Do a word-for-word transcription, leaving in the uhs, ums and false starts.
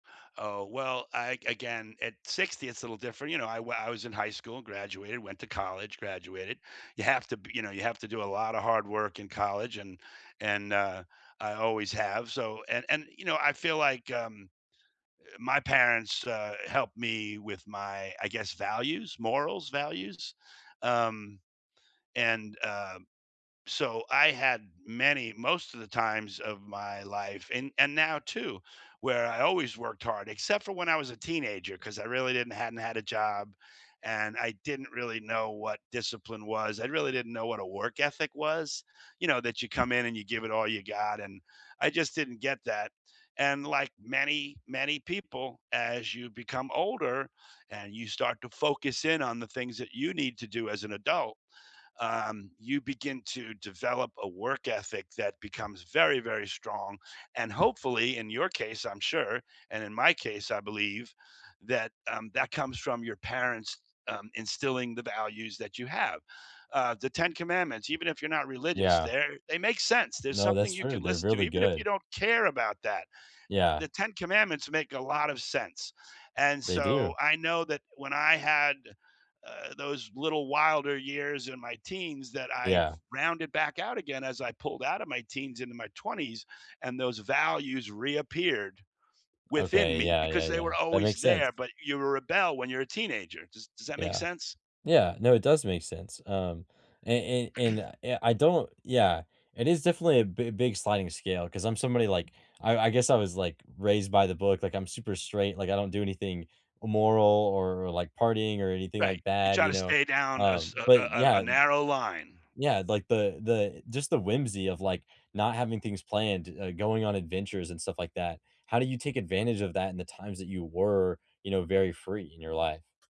Oh, well, I again, at sixty, it's a little different. You know, I wa I was in high school and graduated, went to college, graduated. You have to be you know, you have to do a lotta hard work in college, and and, uh, I always have, so and and, you know, I feel like, um, eh, my parents, uh, helped me with my, I guess, values, morals, values, um, and uh, so I had many most of the times of my life, and and now too, where I always worked hard, except for when I was a teenager 'cause I really didn't hadn't had a job and I didn't really know what discipline was, I really didn't know what a work ethic was. You know, that you come in and you give it all you got, and I just didn't get that, and, like, many, many people, as you become older and you start to focus in on the things that you need to do as an adult, um, you begin to develop a work ethic that becomes very, very strong, and hopefully, in your case, I'm sure, and in my case, I believe, that um, that comes from your parents, um, instilling the values that you have, uh, The Ten Commandments, even if you're not religious, Yeah. they're they make sense. There's No, that's something you true, can they're listen to, really even if you good. don't care about that. Eh, Yeah. The Ten Commandments make a lot of sense, and They so, do. I know that when I had, uh, those little wilder years in my teens that I Yeah. rounded back out again as I pulled out of my teens into my twenties, and those values reappeared within Okay, me yeah, yeah, because they were yeah. That always makes sense. there, but you rebel when you're a teenager, does does that make Yeah. sense? Yeah, no, it does make sense, um, an an and, eh, I don't yeah, it is definitely a b big sliding scale 'cause I'm somebody, like, I I guess I was, like, raised by the book, like, I'm super straight, like, I don't do anything immoral or or, like, partying or anything Right. like You that, try you to know, stay down um, as a a but a a yeah narrow line. yeah, like, the the just the whimsy of, like, not having things planned, uh, going on adventures, and stuff like that. How do you take advantage of that in the times that you were, you know, very free in your life?